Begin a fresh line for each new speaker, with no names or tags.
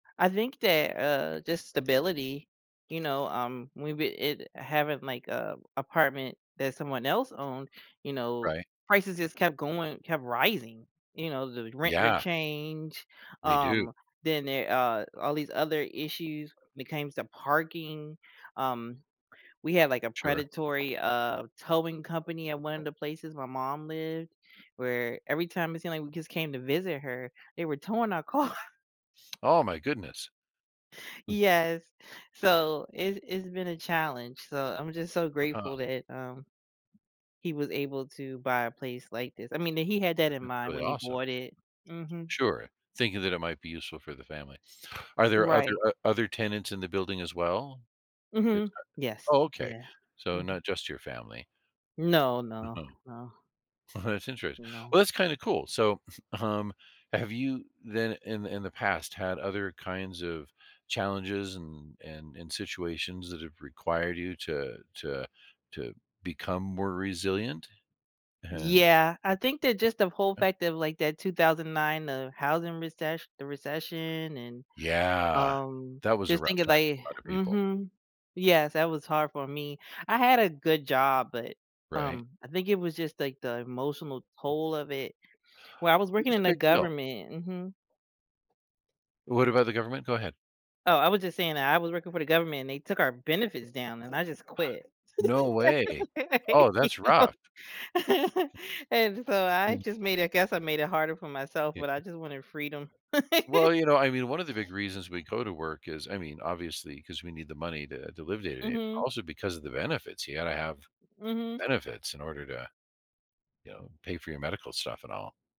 I think that, uh, just stability, you know, um, we we it having like, uh, apartment that someone else owned, you know,
Right.
prices just kept going, kept rising, you know, the rent would
Yeah.
change,
They do.
um, then there a all these other issues when it came to parking, um, we had, like, a
Sure.
predatory, uh, towing company at one of the places my mom lived, where every time it seemed, like, we just came to visit her, they were towing our car.
Oh my goodness. [unintelligible]
Yes, so, it's it's been a challenge, so, I'm just so,
Uh-huh.
grateful that, um, he was able to buy a place like this, I mean, that he had that in
That's
mind
really
when he
awesome.
bought it Mhm.
Sure, thinking that it might be useful for the family. Are there other,
Right.
o other tenants in the building as well? It's
Mhm.
a
Yes,
Oh, okay,
yeah.
so,
Mhm.
not just your family.
No,
Uh-huh.
no, no.
That's interest
No.
Well, that's kinda cool so, um, have you then in the in the past had other kinds of challenges and and and situations that have required you to to to become more resilient and
Yeah, I think that just the whole
Yeah.
fact of, like, that 2009, uh, housing recess the recession and,
Yeah,
um,
that was a
just
rough
thinking,
time for
like
a lot of people.
Mhm, yes, that was hard for me. I had a good job, but,
Right?
um, I think it was just, like, the emotional toll of it Well, I was
It
working
was
in
a
the
big deal.
government Mhm.
What about the government? Go ahead.
Oh, I was just saying that I was working for the government and they took our benefits down and I just quit.
No way. Oh,
You
that's
know,
rough.
and so, I
Mm.
just made I guess I made it harder for myself,
Yeah.
but I just wanted freedom.
Well, you know, I mean, one of the big reasons we go to work is, I mean, obviously 'cause we need the money to to live day to day, but
Mhm.
also because of the benefits, you gotta have
Mhm.
benefits in order to, you know, pay for your medical stuff and all.